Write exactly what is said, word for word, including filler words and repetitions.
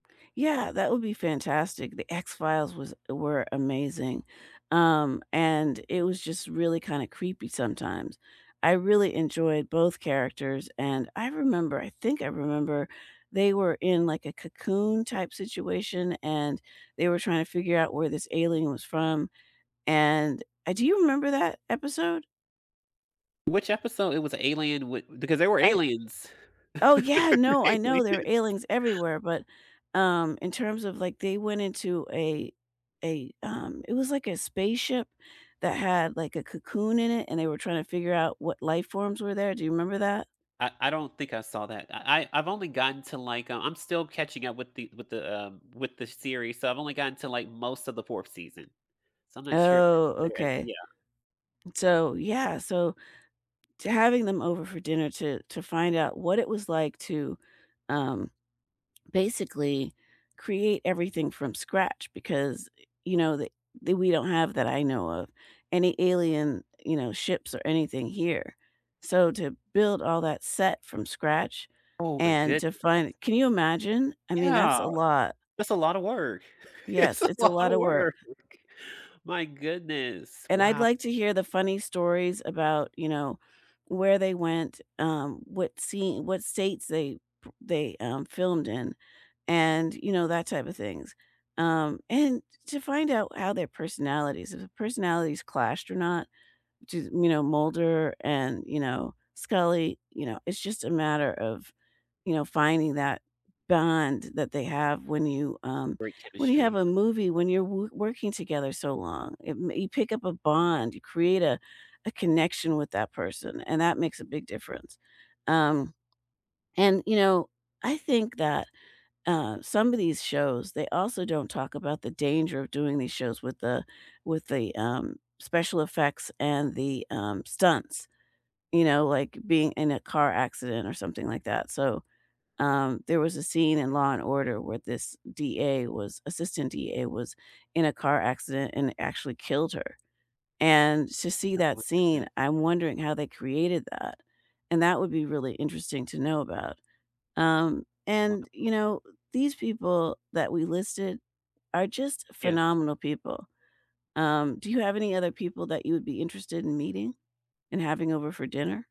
Yeah, that would be fantastic. The X-Files was were amazing, um, and it was just really kinda creepy sometimes. I really enjoyed both characters, and I remember- I think I remember- they were in, like, a Cocoon type situation, and they were trying to figure out where this alien was from, and uh, do you remember that episode? Which episode? It was a alien wi because they were I aliens. Oh, yeah, no, I know there were Aliens aliens everywhere, but, um, in terms of, like, they went into a a um, it was like a spaceship that had, like, a cocoon in it and they were trying to figure out what life forms were there. Do you remember that? I I don't think I saw that. I I I've only gotten to, like, um I'm still catching up with the with the, um with the series. So, I've only gotten to, like, most of the fourth season, so I'm not sure Oh, if [unintelligible] okay. yeah. And so, yeah. So, to having them over for dinner to to find out what it was like to, um, basically create everything from scratch because, you know, that- that we don't have that I know of- any alien, you know, ships or anything here. So, to build all that set from scratch Oh my and goodness. to find Can you imagine? I mean, that's Yeah. a lot. That's a lotta work. It's Yes, a it's a lot lotta of work. work. My goodness. And I'd Wow. like to hear the funny stories about, you know, where they went, um, what scene what states they p they, um, filmed in, and, you know, that type of things. Um, and to find out how their personalities if personalities clashed or not, which is, you know, Mulder and, you know, Scully, you know? It's just a matter of, you know, finding that bond that they have when you um, Great when you have chemistry. a movie, when you're w working together so long. It mm, you pick up a bond, you create a a connection with that person, and that makes a big difference. Um, and, you know, I think that, uh, some of these shows, they also don't talk about the danger of doing these shows with the with the, um, special effects and the, um, stunts, you know, like being in a car accident or something like that. So, um, there was a scene in Law& Order where this DA was assistant DA was in a car accident and actually killed her. And to see Oh that my scene, goodness. I'm wondering how they created that, and that would be really interesting to know about. Um, Oh wow. and, you know, these people that we listed are just Yes. phenomenal people. Um, do you have any other people that you would be interested in meeting and having over for dinner?